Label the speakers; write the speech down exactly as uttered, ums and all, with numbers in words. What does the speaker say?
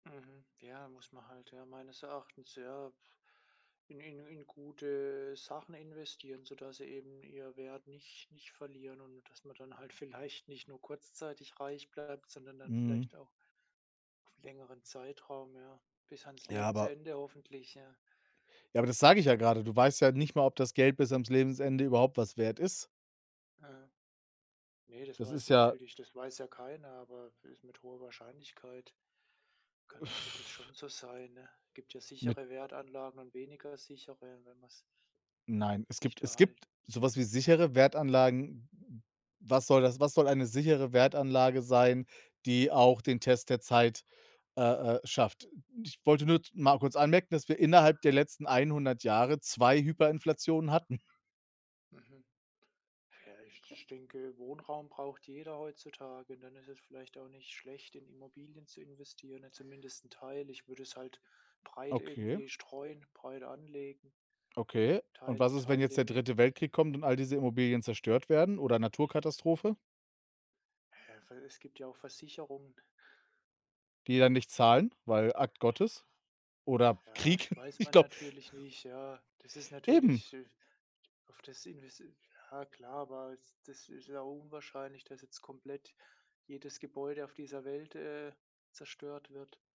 Speaker 1: Mhm. Ja, muss man halt ja, meines Erachtens, ja, in in in gute Sachen investieren, sodass sie eben ihr Wert nicht nicht verlieren und dass man dann halt vielleicht nicht nur kurzzeitig reich bleibt, sondern dann
Speaker 2: Mhm.
Speaker 1: vielleicht auch f längeren Zeitraum, ja bis ans
Speaker 2: Ja, aber
Speaker 1: Lebensende hoffentlich, ja.
Speaker 2: Ja, aber das sage ich ja grade. Du weißt ja nicht mal, ob das Geld bis ans Lebensende überhaupt was wert ist.
Speaker 1: Aha, ne, das
Speaker 2: Das
Speaker 1: weiß
Speaker 2: ist
Speaker 1: man
Speaker 2: ja
Speaker 1: natürlich das weiß ja keiner, aber ist mit hoher Wahrscheinlichkeit kann wird es schon so sein, ne? Gibt ja
Speaker 2: Mit
Speaker 1: sichere Wertanlagen und weniger sichere, wenn man's
Speaker 2: Nein, es
Speaker 1: sich
Speaker 2: gibt
Speaker 1: da
Speaker 2: es
Speaker 1: halt
Speaker 2: gibt so was wie sichere Wertanlagen. W w was soll das was soll eine sichere Wertanlage sein, die auch den Test der Zeit, äh, äh, schafft? Ich wollte nur z mal kurz anmerken, dass wir innerhalb der letzten einhundert Jahre zwei Hyperinflationen hatten.
Speaker 1: Mhm. Ja, ich ich denke, Wohnraum braucht jeder heutzutage und dann ist es vielleicht auch nicht schlecht, in Immobilien zu investieren, zumindestens 'n Teil. Ich würde es halt breit
Speaker 2: Okay.
Speaker 1: irgendwie streuen, breit anlegen
Speaker 2: Okay, und
Speaker 1: Teil
Speaker 2: was ist, wenn
Speaker 1: Teil
Speaker 2: jetzt der
Speaker 1: in in
Speaker 2: dritte Weltkrieg kommt und all diese Immobilien zerstört werden oder Naturkatastrophe?
Speaker 1: [unintelligible] es gibt ja auch Versicherungen.
Speaker 2: Die
Speaker 1: Ne?
Speaker 2: dann nicht zahlen, weil Akt Gottes oder
Speaker 1: Ja,
Speaker 2: Krieg?
Speaker 1: das weiß
Speaker 2: Ich
Speaker 1: man
Speaker 2: glaube
Speaker 1: natürlich nicht. Ja, das ist
Speaker 2: Eben!
Speaker 1: natürlich äh, auf das Inves ja klar, aber das ist sehr unwahrscheinlich, dass jetzt komplett jedes Gebäude auf dieser Welt, äh, zerstört wird.